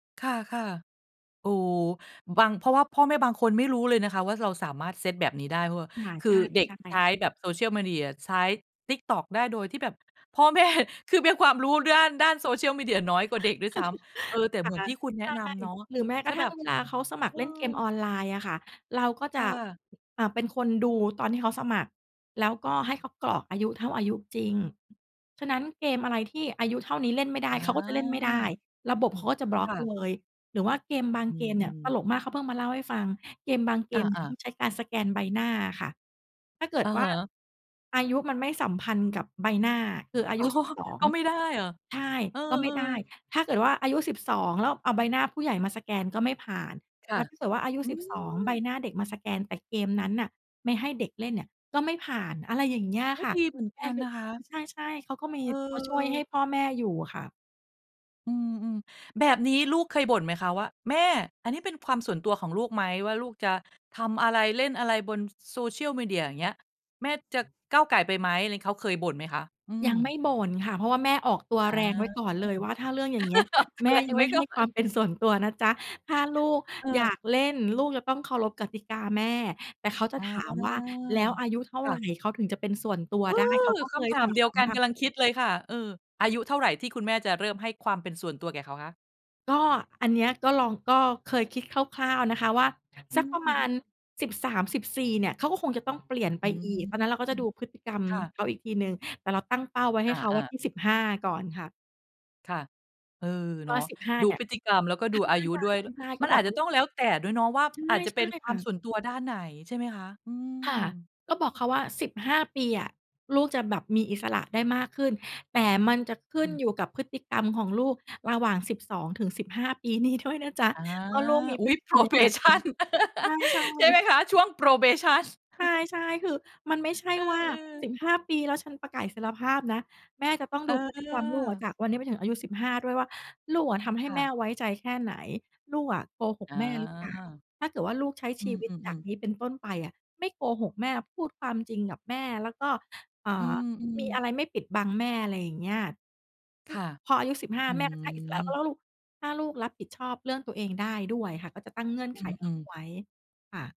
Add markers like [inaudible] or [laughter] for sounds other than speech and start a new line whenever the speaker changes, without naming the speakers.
ค่ะ ๆ โอ้ บาง เพราะว่าพ่อแม่บางคนไม่รู้เลยนะคะว่าเราสามารถเซตแบบนี้ได้ เพระาว่า
ค่ะ
คื
ใ
อ
ช่
เด็กใช้
ๆ
แบบ Social Media ใช้ TikTok ได้โดยที่แบบ พ่อแม่คือมีความรู้ด้าน ด้าน Social Media น้อยกว่
[chuckles]
าเด็กด้วยซ้ำ เออ แต่
ค
เห
่
มือน
ะ
ที่คุณแน
ใ
ะ
ช่
นำเนาะ
หรือแม้
ถ
กร
้
ะ
า
ท
แ
ั่
บ
ง
บ
เวลาเขาสมัค
อ
ร
ื
เล่นเกมอ
ม
อนไลน์อะค่ะ เราก็จ
ค่
ะ
ะ
อ่า เป็นคนดูตอนที่เขาสมัคร แล้วก็ให้เขากรอกอายุเท่าอายุจริง ฉะนั้นเกมอะไรที่อายุเท่านี้เล่นไม่ได้
อ
เขาก็จะเล่นไม่ได้
า
ระบบเขาก็จะบล็อ
ค
ก
่ะ
เลย หรือว่าเกมบาง
อื
เกมเนี่ย
ม
ต
ๆ
ลกมาก เขาเพิ่งมาเล่าให้ฟัง เกมบางเก
อ
มเนี่ย
า
ต
ๆ
้องใช้การสแกนใบหน้าอะค่ะ ถ้าเกิ
อ
ด
ะ
ว่
ฮ
า
ะ
อายุมันไม่สัมพันธ์กับใบหน้า คืออา
อ๋
ย
อ
ุสิบสอง
ก็ไม่ได้เหรอ?
ใช่
เออ
ก็ไม่ได้
ๆ
ถ้าเกิดว่าอายุ 12 แล้วเอาใบหน้าผู้ใหญ่มาสแกนก็ไม่ผ่าน
ค
แ
่
ล
ะ
้วถ้าเกิดว่าอายุ
อื
12 ใบ
ม
หน้าเด็กมาสแกน แต่เกมนั้นน่ะไม่ให้เด็กเล่นเนี่ยก็ไม่ผ่าน อะไรอย่างเงี้ย
โอ้
ค่ะ
ดีเหมือน
แม
ก
่
ัน
คื
น
อ
ะคะ
ใช่ ๆ เขาก็มี
เ
เขาช่วยให้
ออ
พ่อแม่อยู่ค่ะ
อืม ๆ แบบนี้ลูกเคยบ่นไหมคะว่า "แม่ อันนี้เป็นความส่วนตัวของลูกไหม? ว่าลูกจะทำอะไร เล่นอะไรบน ส Social Media อย่างเงี้ย แม่จะก้าวก่ายไปไหม?" อะไร เขาเคยบ่นไหมคะ? อื
ยังไม
ม
่บ่นค่ะ เพราะว่าแม่ออกตัว
อา
แรงไว้ก่อนเลยว่า ถ้าเรื่องอย่างเงี้ย
[chuckles] ออกตั
แม
ว
่
แร
ย
ง
ัง
ไว
ไม
้
่ใ
ก
ห้
่อ
ควา
น
มเป็นส่วนตัวนะจ้ะ ถ้าลูกอย
เออ
ากเล่น ลูกจะต้องเคารพกติกาแม่ แต่เขาจ
อ
ะ
า
ถามว่า "แล้วอายุเท่า
ค่
ไร
ะ
เขาถึงจะเป็นส่วนตัว
เอ
ได้?" เข
อ
าก็
ค
เคย
ำถ
ถ
าม
า
เดียว
ม
กัน
ค่
ก
ะ
ำลังคิดเลยค่ะ เออ อายุเท่าไรที่คุณแม่จะเริ่มให้ความเป็นส่วนตัวแก่เขาคะ?
ก็อันเนี้ยก็ลอง ก็เคยคิดคร่าว ๆ นะคะว่า
อื
สักประมาณ
ม ๆ
13-14 เนี่ยเขาก็คงจะต้องเปลี่ยน
อ
ไป
ืม
อีก ตอนนั้นเราก็จะดูพฤติกรรม
ค่ะ
เขาอีกทีหนึ่ง แต่เราตั้งเป้าไว้ให
อ
้เขาไว้
า ๆ
ที่ 15 ก่อนค่ะ
ค่ะ เออ
ก
เน
็
าะ
15
ดู
เนี่
พ
ย
ฤติกรรมแล้วก็ดูอายุด้วย ด
ใช่ ๆ ๆ
ม
ก
ั
็
น
บ
อ
อ
า
ก
จ
เข
จะ
า
ต้
ว่
อ
า
งแล้วแต่ด้วยเนาะ ว่า
ใช
อ
่
าจจะ
ใ
เ
ช
ป็
่
นคว
ค
า
่ะ
มส่วนตัวด้านไหน ใช่ไหมคะ? อื
ค่ะ
ม
ก็บอกเขาว่า 15 ปีอะลูกจะแบบมีอิสระได้มากขึ้น แต่มันจะขึ้
อ
น
ืม
อยู่กับพฤติกรรมของลูกระหว่าง 12-15 ปีนี้ด้วยนะจ๊ะ
อา
ว่าลูกมี
อ
พ
ุ๊
ฤ
ย
ติกรรมยัง ไง
probation
ใ
[chuckles]
ช่
ใช่ไหม
ๆ
คะ? ช่วง probation
ใ
[chuckles]
ช่ ๆ คือมันไม่ใช่
เอ
ว่า
อ
ส
ๆ
ิบห้า ปี แล้วฉันประกาศอิสรภาพนะ แม่จะต้อง
เ
ดูพฤติกรรมลูกอะ
ออ
จากวันเนี้ยไปถึงอายุ 15 ด้วยว่าลูกอะทำให้
ค่
แ
ะ
ม่ไว้ใจแค่ไหน ลูกอะโกห
อ
ก
า
แม่หรือเปล่า ถ้าเกิดว่าลูกใช้
อ
ช
ื
ีวิตจา
อ
ก
ๆ ๆ
นี้เป็นต้นไปอะไม่โกหกแม่ พูดความจริงกับแม่ แล้วก็ เอ่
อื
อ มี
ม
อ
ๆ
ะไรไม่ปิดบังแม่ อะไรอย่างเงี้ย ค
ค
ือ
่ะ
พออายุ 15
อื
แม่ก็ให้อิสระ
ม
ก็แล้วลูก ถ้าลูกรับผิดชอบเรื่องตัวเองได้ด้วยค่ะ ก็จะตั้งเงื่อน
อ
ไขเข
ืม
า
ๆ
ไว้ ค่ะ